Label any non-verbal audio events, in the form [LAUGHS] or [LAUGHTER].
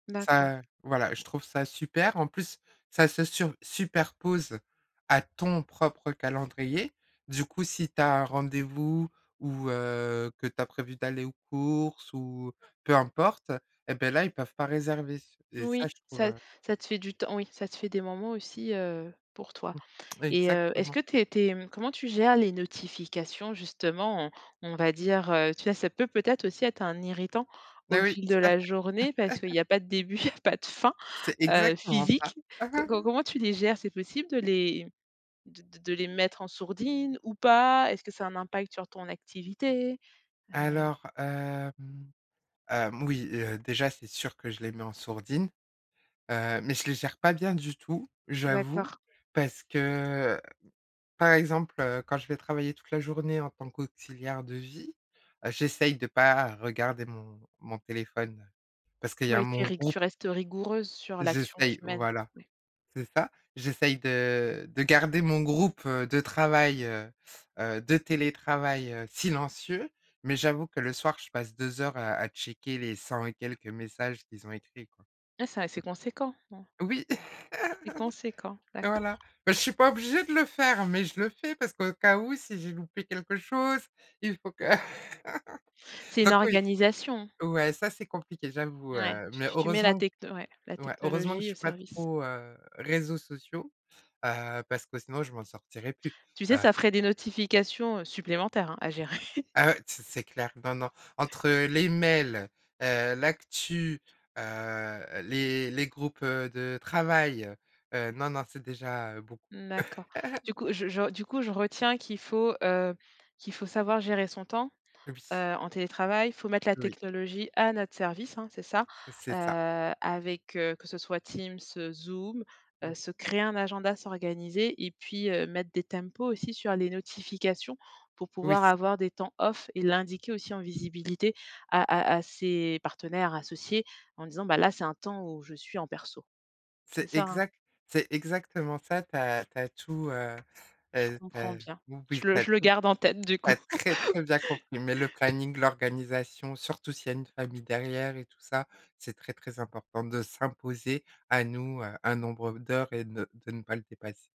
D'accord. Ça voilà, je trouve ça super. En plus, ça se sur superpose à ton propre calendrier. Du coup, si tu as un rendez-vous ou, heu, que tu as prévu d'aller aux courses ou peu importe et beh, là, ils peuvent pas réserver s et ça, je Oui, trouve, ça heu ça te fait du temps oui, ça te fait des moments aussi, heu, pour toi. Mmh. Et heu, est-ce Exactement. que tu es tu es, mmh, comment tu gères les notifications, justement, on on va dire, heu, tu vois, ça peut peut-être aussi être un irritant Eh au oui. fil de Tout à la fait! journée parce qu'il [LAUGHS] y a pas de début, il y a pas de fin, C'est heu, exactement ça. physique. Co co [CHUCKLES] comment tu les gères? C'est possible de les de de de les mettre en sourdine ou pas? Est-ce que ça a un impact sur ton activité? Heu Alors, hem, hem, oui, heu, déjà c'est sûr que je les mets en sourdine, heu, mais je les gère pas bien du tout, j'avoue. D'accord. Parce que, par exemple, heu, quand je vais travailler toute la journée en tant qu'auxiliaire de vie, heu, j'essaye de pas regarder mon mon téléphone parce qu'il y a Oui tu mon es rig tu groupe. restes rigoureuse sur l'action que tu J'essaye mènes. voilà. Oui. C'est ça, j'essaye de de garder mon groupe, heu, de travail, heu, heu, de télétravail, heu, silencieux, mais j'avoue que le soir, je passe 2 heures à à checker les cent et quelques messages qu'ils ont écrits, quoi. Ah, c'est assez conséquent, hein. Oui. C'est conséquent, [CHUCKLES] Voilà. d'accord. Bah, je suis pas obligée de le faire, mais je le fais parce qu'au cas où, si j'ai loupé quelque chose, il faut que [LAUGHS] C'est une donc oui. organisation. Ouais, ça c'est compliqué, j'avoue, Ouais, heu, tu mais tu tu mets la heureusement q techno ouais, la ouais, heureusement que je technologie au suis pas service. trop, heu, réseaux sociaux, heu, parce que sinon je m'en sortirai plus, Tu sais, heu ça ferait des notifications, heu, supplémentaires, hein, à gérer. [CHUCKLES] Ah ouais, c'est c'est clair, non non. Entre les mails, heu, l'actu, heu, les les groupes, heu, de travail, heu, non non, c'est déjà beaucoup. Mmh d'accord. Du [LAUGHS] coup, je je r du coup, je retiens qu'il faut, heu, qu'il faut savoir gérer son temps, heu, Oui. en télétravail. Il faut mettre la Oui. technologie à notre service, hein, c'est ça? C'est ça. Heu, avec, heu, que ce soit Teams, heu, Zoom, heu, Mmh. se créer un agenda, s'organiser et puis, heu, mettre des tempos aussi sur les notifications pour Oui. pouvoir avoir des temps off et l'indiquer aussi en visibilité à à à ses partenaires, associés, en disant: «Bah là, c'est un temps où je suis en perso». C'est C'est ça, hein? exact c'est exactement ça, tu as tu as tout, heu, Je heu, tu comprends as bien. oui, Je tu le as je le tout garde en tête, du tu coup. as très, très bien compris, mais le [LAUGHS] J planning, l'organisation, surtout s'il y a une famille derrière et tout ça, c'est très, très important de s'imposer à nous, heu, un nombre d'heures et de de ne pas le dépasse.